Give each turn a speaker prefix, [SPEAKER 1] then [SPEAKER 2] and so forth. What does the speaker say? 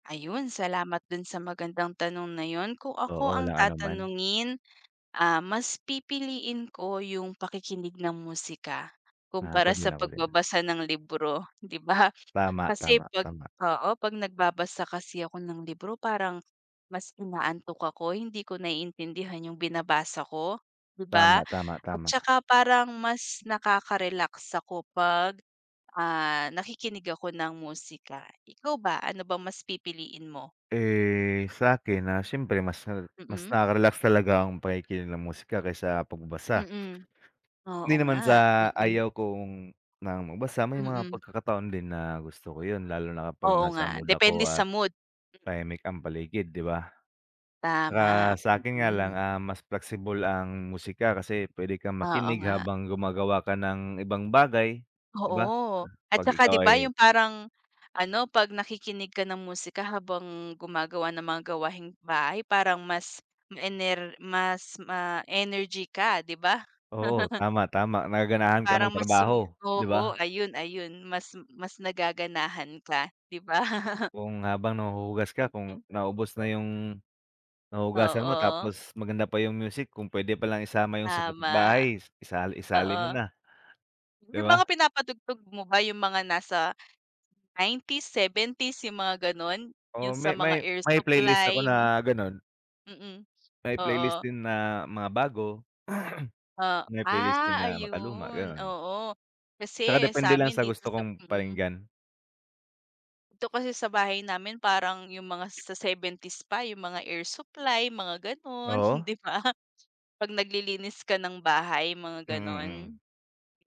[SPEAKER 1] Ayun, salamat do'n sa magandang tanong na 'yon. Kung ako
[SPEAKER 2] Oo,
[SPEAKER 1] ang
[SPEAKER 2] walang anuman.
[SPEAKER 1] tatanungin, ah, mas pipiliin ko yung pakikinig ng musika
[SPEAKER 2] Ah, ako
[SPEAKER 1] kumpara
[SPEAKER 2] din,
[SPEAKER 1] sa
[SPEAKER 2] ako din.
[SPEAKER 1] pagbabasa ng libro, 'di ba?
[SPEAKER 2] Tama,
[SPEAKER 1] Kasi
[SPEAKER 2] tama,
[SPEAKER 1] 'pag
[SPEAKER 2] tama.
[SPEAKER 1] oo 'pag nagbabasa kasi ako ng libro parang mas inaantok ako, hindi ko naiintindihan yung binabasa ko, 'di ba?
[SPEAKER 2] Tama, tama,
[SPEAKER 1] At
[SPEAKER 2] tama.
[SPEAKER 1] saka parang mas nakaka-relax ako 'pag, ah, nakikinig ako ng musika. Ikaw ba, ano bang mas pipiliin mo?
[SPEAKER 2] Eh, sa'kin, ah, siyempre mas na mas
[SPEAKER 1] Mm.
[SPEAKER 2] nakaka-relax talaga ang pakikinig ng musika kaysa pagbasa.
[SPEAKER 1] Mm. Oo
[SPEAKER 2] Hindi naman
[SPEAKER 1] nga,
[SPEAKER 2] sa
[SPEAKER 1] mm.
[SPEAKER 2] ayaw kong na magbasa, may mga
[SPEAKER 1] Mm.
[SPEAKER 2] pagkakataon din na gusto ko 'yon lalo na kapag
[SPEAKER 1] Oo
[SPEAKER 2] nasa
[SPEAKER 1] nga,
[SPEAKER 2] mood
[SPEAKER 1] depende
[SPEAKER 2] ako
[SPEAKER 1] sa
[SPEAKER 2] at
[SPEAKER 1] mood.
[SPEAKER 2] tahimik ang paligid, 'di ba? Tsaka
[SPEAKER 1] Tama,
[SPEAKER 2] sa'kin nga lang,
[SPEAKER 1] mm.
[SPEAKER 2] ah, mas flexible ang musika kasi pwede kang
[SPEAKER 1] Oo
[SPEAKER 2] makinig
[SPEAKER 1] nga.
[SPEAKER 2] habang gumagawa ka ng ibang bagay, 'di ba?
[SPEAKER 1] Oo. At
[SPEAKER 2] 'Pag
[SPEAKER 1] saka 'di
[SPEAKER 2] ikaw
[SPEAKER 1] ba
[SPEAKER 2] ay
[SPEAKER 1] yung parang ano, 'pag nakikinig ka ng musika habang gumagawa ng mga gawaing-bahay parang mas ma-ener mas ma-energy ka, 'di ba?
[SPEAKER 2] Oo, tama, tama. Nagaganahan ka
[SPEAKER 1] Parang mas sumi
[SPEAKER 2] magtrabaho, 'di ba?
[SPEAKER 1] oo, ayun, ayun. Mas mas nagaganahan ka, 'di ba?
[SPEAKER 2] Kung habang nahuhugas ka, kung
[SPEAKER 1] Mm.
[SPEAKER 2] naubos na yung huhugasan mo,
[SPEAKER 1] Oo.
[SPEAKER 2] tapos maganda pa yung music kung pwede pa lang isama yung sa
[SPEAKER 1] Tama.
[SPEAKER 2] kabit-bahay is isa isali
[SPEAKER 1] Oo.
[SPEAKER 2] mo na, 'di
[SPEAKER 1] Yung mga
[SPEAKER 2] ba?
[SPEAKER 1] pinapatugtog mo ba yung mga nasa 90s, 70s, yung mga gano'n?
[SPEAKER 2] Oo,
[SPEAKER 1] Yung sa
[SPEAKER 2] may
[SPEAKER 1] mga
[SPEAKER 2] may
[SPEAKER 1] air
[SPEAKER 2] may playlist ako
[SPEAKER 1] supply?
[SPEAKER 2] na gano'n.
[SPEAKER 1] Mm.
[SPEAKER 2] May playlist
[SPEAKER 1] Oo.
[SPEAKER 2] din na mga bago.
[SPEAKER 1] Oh,
[SPEAKER 2] May playlist din
[SPEAKER 1] ah,
[SPEAKER 2] na makaluma,
[SPEAKER 1] ayun.
[SPEAKER 2] gano'n.
[SPEAKER 1] Oo.
[SPEAKER 2] Tsaka
[SPEAKER 1] Kasi
[SPEAKER 2] depende lang
[SPEAKER 1] sa'min
[SPEAKER 2] sa
[SPEAKER 1] dito
[SPEAKER 2] gusto
[SPEAKER 1] sa
[SPEAKER 2] kong
[SPEAKER 1] mm.
[SPEAKER 2] pakinggan.
[SPEAKER 1] Dito kasi sa bahay namin, parang yung mga sa 70s pa yung mga air supply, mga gano'n,
[SPEAKER 2] Oo.
[SPEAKER 1] 'di ba? 'Pag naglilinis ka ng bahay, mga
[SPEAKER 2] Mm,
[SPEAKER 1] gano'n.
[SPEAKER 2] mm.